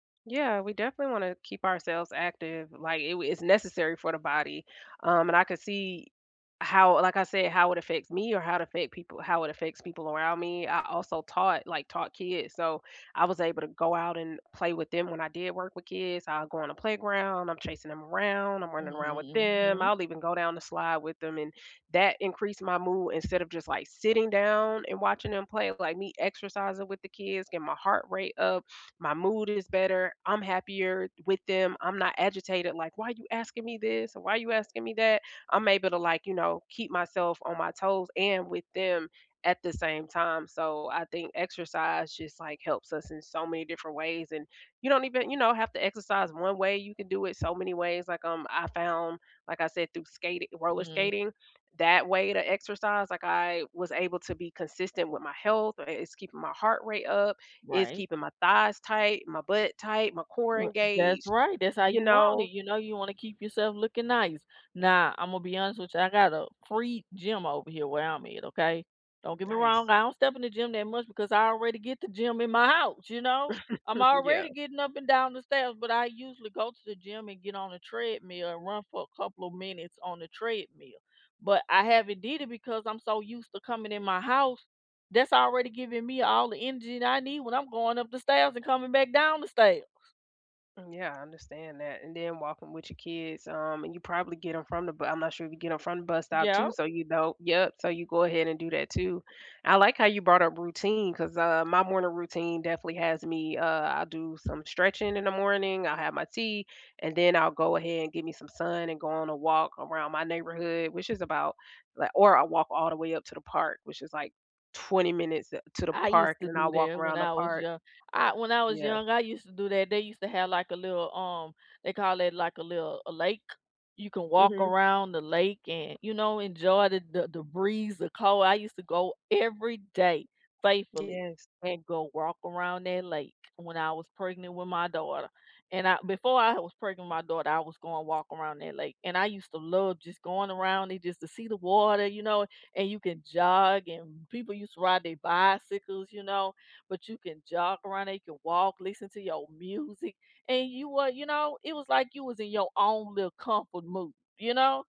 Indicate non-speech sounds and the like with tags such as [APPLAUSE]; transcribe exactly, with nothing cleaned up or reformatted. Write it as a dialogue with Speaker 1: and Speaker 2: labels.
Speaker 1: Yeah, we definitely wanna keep ourselves active, like, i w it's necessary for the body, um, and I could see how like, I said, how it affects me or how it affect people how it affects people around me. I also taught like, taught kids, so, I was able to go out and play with them when I did work with kids, I'll go on a playground, I'm chasing 'em around, I'm running around with them,
Speaker 2: Mhm.
Speaker 1: I'll even go down the slide with them, and that increased my mood instead of just, like, sitting down and watching 'em play, like, me exercising with the kids, getting my heart rate up, my mood is better, I'm happier with them, I'm not agitated, like, "Why you asking me this? And why are you asking me that?" I'm able to, like, you know, keep myself on my toes and with them at the same time so, I think exercise just, like, helps us in so many different ways, and you don't even you know, have to exercise one way, you can do it so many ways, like, um, I found like I said, through skati roller
Speaker 2: Mhm.
Speaker 1: skating, that way to exercise, like I was able to be consistent with my health, uh, i it's keeping my heart rate up, it's
Speaker 2: Right.
Speaker 1: keeping my thighs tight, my butt tight, my core
Speaker 2: Well, that's
Speaker 1: engaged,
Speaker 2: right, that's how
Speaker 1: you
Speaker 2: you want it,
Speaker 1: know?
Speaker 2: you know, you wanna keep yourself looking nice. Now, Imma be honest with you, I got a free gym over here where I'm at, okay? Don't get me wrong,
Speaker 1: Nice.
Speaker 2: I don't step in the gym that much, because I already get the gym in my house, you know, I'm
Speaker 1: [CHUCKLES] Yeah.
Speaker 2: already getting up and down the stairs, but I usually go to the gym and get on a treadmill, and run for a couple of minutes on the treadmill, but I haven't did it because I'm so used to coming in my house. That's already giving me all the energy that I need when I'm going up the stairs and coming back down the stairs.
Speaker 1: Mm, yeah, I understand that, and then walking with your kids, um, and you probably get 'em from the b I'm not sure if you get 'em from the bus stop
Speaker 2: Yep.
Speaker 1: too, so, you know Yep, so, you go ahead and do that too. I like how you brought up routine 'cause, uh, my morning routine definitely has me, uh I do some stretching in the morning, I'll have my tea, and then I'll go ahead and get me some sun, and go on a walk around my neighborhood, which is about, li or I walk all the way up to the park, which is, like, twenty minutes, uh, to the
Speaker 2: I used
Speaker 1: park, and
Speaker 2: to
Speaker 1: then
Speaker 2: do
Speaker 1: I'll walk
Speaker 2: that when
Speaker 1: around the
Speaker 2: I was
Speaker 1: park.
Speaker 2: young. I when I was
Speaker 1: Yeah.
Speaker 2: young, I used to do that, they used to have, like, a little, um they call it, like, a little a lake, you can walk
Speaker 1: Mhm.
Speaker 2: around the lake and, you know, enjoy the the the breeze, the cold, I used to go every day faithfully,
Speaker 1: Yes.
Speaker 2: and go walk around that lake when I was pregnant with my daughter, and I before I was pregnant with my daughter, I was going walk around that lake, and I used to love just going around it just to see the water, you know, and you can jog, and people used to ride their bicycles, you know, but you can jog around, they can walk, listen to your music, and you were you know, it was like you was in your own little comfort mood, you know?